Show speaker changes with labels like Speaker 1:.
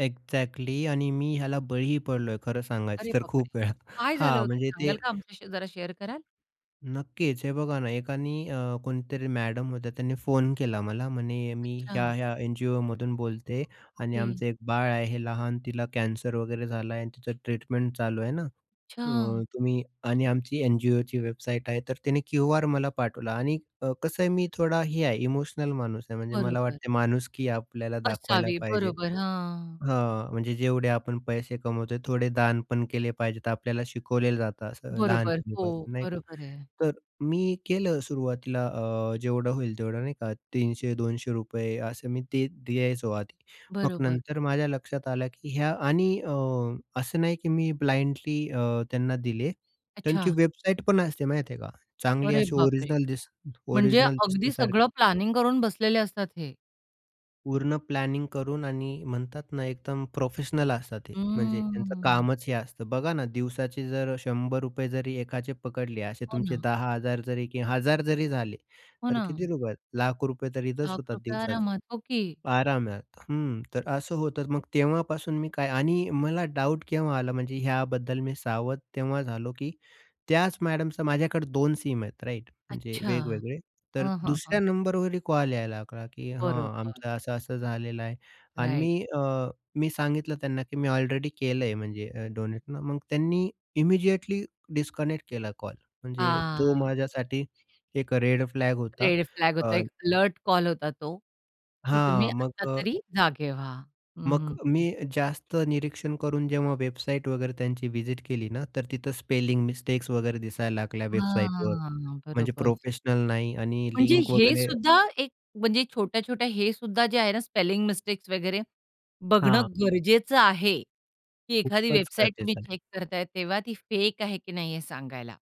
Speaker 1: Exactly आणि मी ह्याला बळीही पडलोय खरं
Speaker 2: अरे
Speaker 1: सांगायचं तर
Speaker 2: बापरे!
Speaker 1: खूप वेळा.
Speaker 2: काय झालं
Speaker 1: हां,
Speaker 2: होतं
Speaker 1: म्हणजे ते
Speaker 2: सांगाल का आमच्याशी जरा शेअर कराल?
Speaker 1: नक्कीच. हे बघा ना, एकानी अ, कोणीतरी मॅडम होत्या त्यांनी फोन केला मला. म्हणे, "मी
Speaker 2: अच्छा.
Speaker 1: ह्या-ह्या एनजीओमधून बोलते आणि
Speaker 2: ओके.
Speaker 1: आमचं एक बाळ आहे हे लहान तिला कॅन्सर वगैरे झाला आहे आणि तिचं ट्रीटमेंट चालू आहे ना,
Speaker 2: अच्छा.
Speaker 1: अ, तुम्ही आणि आमची एनजीओची वेबसाईट आहे." तर तिने क्यूआर मला पाठवला आणि क कसं आहे मी थोडा हे आहे, इमोशनल माणूस आहे म्हणजे मला
Speaker 2: बरोबर.
Speaker 1: वाटते माणुसकी आपल्याला दाखवायला
Speaker 2: असावी,
Speaker 1: पाहिजे
Speaker 2: बरोबर, हां.
Speaker 1: हां, म्हणजे जेवढे आपण पैसे कमवतोय थोडे दान पण केले पाहिजेत आपल्याला शिकवले जातं असं
Speaker 2: बरोबर. हो,
Speaker 1: लहानपणीपासून, नाही का?
Speaker 2: बरोबर आहे.
Speaker 1: तर मी केलं सुरुवातीला अ, जेवढं होईल तेवढं, नाही का? ₹300-200 असं मी ते द्यायचो आधी. मग
Speaker 2: बरोबर.
Speaker 1: नंतर माझ्या लक्षात आलं की ह्या आणि अ, असं नाही की मी ब्लाइंडली अ, त्यांना दिले. त्यांची
Speaker 2: अच्छा.
Speaker 1: वेबसाईट पण असते माहीत आहे का? चांगली
Speaker 2: अरे
Speaker 1: अशी
Speaker 2: बापरे!
Speaker 1: ओरिजिनल दिस
Speaker 2: म्हणजे
Speaker 1: ओरिजिनल
Speaker 2: अगदी सगळं
Speaker 1: दिसण्यासारखी.
Speaker 2: प्लॅनिंग करून बसलेले असतात हे.
Speaker 1: पूर्ण प्लॅनिंग करून आणि म्हणतात ना, एकदम प्रोफेशनल असतात ते, म्हणजे त्यांचं
Speaker 2: हम्म.
Speaker 1: कामच हे असतं. बघा ना, दिवसाचे जर ₹100 रुपये जरी एकाचे पकडले. असे
Speaker 2: हो
Speaker 1: तुमचे
Speaker 2: ना.
Speaker 1: 10000 जरी की 1000 जरी झाले,
Speaker 2: हो
Speaker 1: तर
Speaker 2: ना.
Speaker 1: किती रुपये? लाख रुपये तर इथेच
Speaker 2: लाख
Speaker 1: होतात
Speaker 2: रुपये
Speaker 1: दिवसाचे.
Speaker 2: आरमारात. ओके.
Speaker 1: आरामात, हं. तर असं होतंच. मग तेव्हापासून मी काय आणि मला डाउट केव्हा आला म्हणजे ह्याबद्दल मी सावध तेव्हा झालो, की त्याच मॅडमचा माझ्याकडे 2 सिम आहेत राइट? म्हणजे
Speaker 2: अच्छा.
Speaker 1: वेगवेगळे, तर
Speaker 2: हां, हां,
Speaker 1: दुसऱ्या
Speaker 2: हां.
Speaker 1: नंबरवरही कॉल यायला लागला की "हां,
Speaker 2: बरोबर.
Speaker 1: आमचं असं-असं झालेलं आहे" अन्
Speaker 2: राईट.
Speaker 1: मी अ, मी सांगितलं त्यांना की मी ऑलरेडी केलंय म्हणजे अ, डोनेट ना, मग त्यांनी इमिडिएटली डिस्कनेक्ट केला कॉल. म्हणजे तो
Speaker 2: हां.
Speaker 1: माझ्यासाठी एक रेड फ्लॅग होता.
Speaker 2: रेड फ्लॅग होता,
Speaker 1: अ
Speaker 2: एक अलर्ट कॉल होता तो की तुम्ही
Speaker 1: हां, मग
Speaker 2: आता
Speaker 1: अ
Speaker 2: तरी जागे व्हा. हं,
Speaker 1: मग
Speaker 2: हं,
Speaker 1: मी
Speaker 2: हं.
Speaker 1: जास्त निरीक्षण करून जेव्हा वेबसाईट वगैरे त्यांची व्हिजीट केली ना, तर तिथं स्पेलिंग मिस्टेक्स वगैरे दिसायला लागल्या वेबसाईटवर
Speaker 2: हां,
Speaker 1: म्हणजे
Speaker 2: बरोबर.
Speaker 1: प्रोफेशनल नाही आणि
Speaker 2: म्हणजे
Speaker 1: लिंक
Speaker 2: हे
Speaker 1: वगैरे
Speaker 2: सुद्धा एक म्हणजे छोट्या-छोट्या हे सुद्धा जे आहे ना, स्पेलिंग मिस्टेक्स वगैरे बघणं
Speaker 1: हां.
Speaker 2: गरजेचं आहे, की एखादी
Speaker 1: खूपच
Speaker 2: वेबसाईट तुम्ही
Speaker 1: गरजेचं आहे.
Speaker 2: चेक करताय, तेव्हा ती फेक आहे की नाही हे सांगायला.